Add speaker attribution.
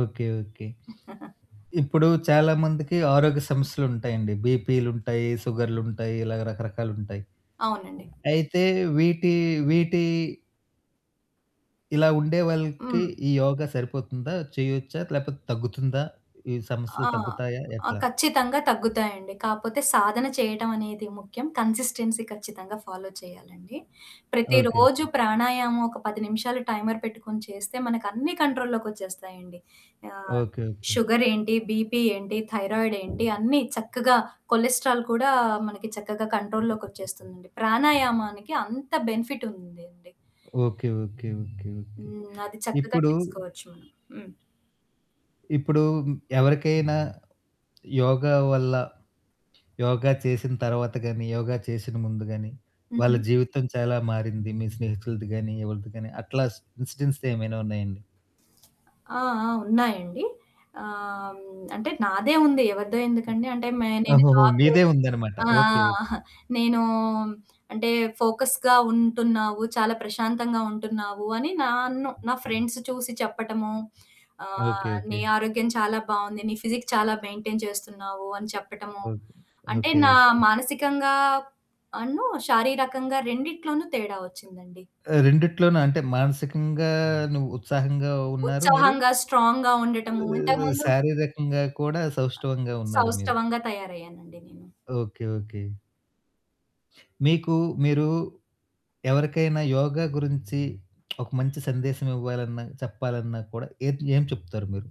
Speaker 1: Okay. Okay. ఇప్పుడు చాలామందికి ఆరోగ్య సమస్యలుంటాయండి. బీపీలుంటాయి, సుగర్లు ఉంటాయి ఇలా రకరకాలు ఉంటాయి.
Speaker 2: అవునండి.
Speaker 1: అయితే వీటి, వీటి ఇలా ఉండేవాళ్ళకి
Speaker 2: హ్మ్.
Speaker 1: ఈ యోగా సరిపోతుందా? చేయొచ్చా? లేకపోతే తగ్గుతుందా? ఈ సమస్యలు
Speaker 2: ఆ!
Speaker 1: తగ్గుతాయా?
Speaker 2: ఆ!
Speaker 1: ఎట్లా?
Speaker 2: ఖచ్చితంగా తగ్గుతాయండి. కాకపోతే సాధన చేయడం అనేది ముఖ్యం. కన్సిస్టెన్సీ ఖచ్చితంగా ఫాలో చేయాలండి.
Speaker 1: ఓకే.
Speaker 2: ప్రతిరోజు
Speaker 1: ఓకే.
Speaker 2: ప్రాణాయామం ఒక 10 నిమిషాలు టైమర్ పెట్టుకొని చేస్తే, మనకన్నీ కంట్రోల్‌లోకొచ్చేస్తాయండి. ఆహ్!
Speaker 1: ఓకే. ఓకే.
Speaker 2: షుగరేంటి, బీపీ ఏంటి, థైరాయిడ్ ఏంటి? అన్నీ చక్కగా కొలెస్ట్రాల్ కూడా మనకి చక్కగా కంట్రోల్‌లోకి వచ్చేస్తుందండి. ప్రాణాయామానికి అంత బెనిఫిట్ ఉందండి.
Speaker 1: ఓకే. ఓకే. ఓకే. ఓకే.
Speaker 2: హ్మ్. అది చక్కగా
Speaker 1: ఇప్పుడు
Speaker 2: చేసుకోవచ్చు మనం. హ్మ్.
Speaker 1: ఇప్పుడు ఎవరికైనా యోగా వల్ల, యోగా చేసిన తర్వాత గాని, యోగా చేసిన ముందు గాని వాళ్ళ
Speaker 2: హుహు.
Speaker 1: జీవితం చాలా మారింది మీ స్నేహితులది గాని, యెవలది గాని అట్లా ఇన్సిడెంట్స్ ఏమైనా ఉన్నాయండి?
Speaker 2: ఆ! ఆ! ఉన్నాయండి. ఆహ్, హ్మ్, అంటే నాదే ఉంది. ఎవరిదో
Speaker 1: హ్మ్.
Speaker 2: ఎందుకండి? అంటే నేను
Speaker 1: ఓహోహో!
Speaker 2: జాబ్
Speaker 1: మీదే
Speaker 2: చేస్
Speaker 1: ఉందనమాట.
Speaker 2: ఆ!
Speaker 1: ఓకే.
Speaker 2: ఆ!
Speaker 1: ఓకే.
Speaker 2: నేను అంటే ఫోకస్‌గా ఉంటున్నావు, చాలా ప్రశాంతంగా ఉంటున్నావు అని నన్ను నా
Speaker 1: హుహు.
Speaker 2: ఫ్రెండ్స్ చూసి చెప్పటము,
Speaker 1: ఓకే.
Speaker 2: ఆహ్, "నీ
Speaker 1: ఓకే.
Speaker 2: ఆరోగ్యం చాలా బావుంది. నీ ఫిజిక్ చాలా మెయింటైన్ చేస్తున్నావు" అని చెప్పటము.
Speaker 1: ఓకే.
Speaker 2: అంటే
Speaker 1: ఓకే.
Speaker 2: నా
Speaker 1: ఓకే.
Speaker 2: మానసికంగాను, శారీరకంగా రెండిట్లోనూ తేడా వచ్చిందండి.
Speaker 1: ఆ! రెండిట్లోన అంటే మానసికంగాను ఉత్సాహంగా ఉన్నారా మీరు,
Speaker 2: ఉత్సాహంగా, స్ట్రాంగ్‌గా ఉండటము,
Speaker 1: ఆహ్,
Speaker 2: ఇంతకుముందు
Speaker 1: శారీరకంగా కూడా
Speaker 2: ఆహ్,
Speaker 1: సౌష్టవంగా ఉన్నారు మీరు.
Speaker 2: సౌష్టవంగా తయారయ్యానండి నేను.
Speaker 1: ఓకే. ఓకే. మీకు మీరు ఎవరికైనా యోగా గురించి ఒక మంచి సందేశం ఇవ్వాలన్నా, చెప్పాలన్నా కూడా ఏంటి? ఏం చెప్తారు మీరు?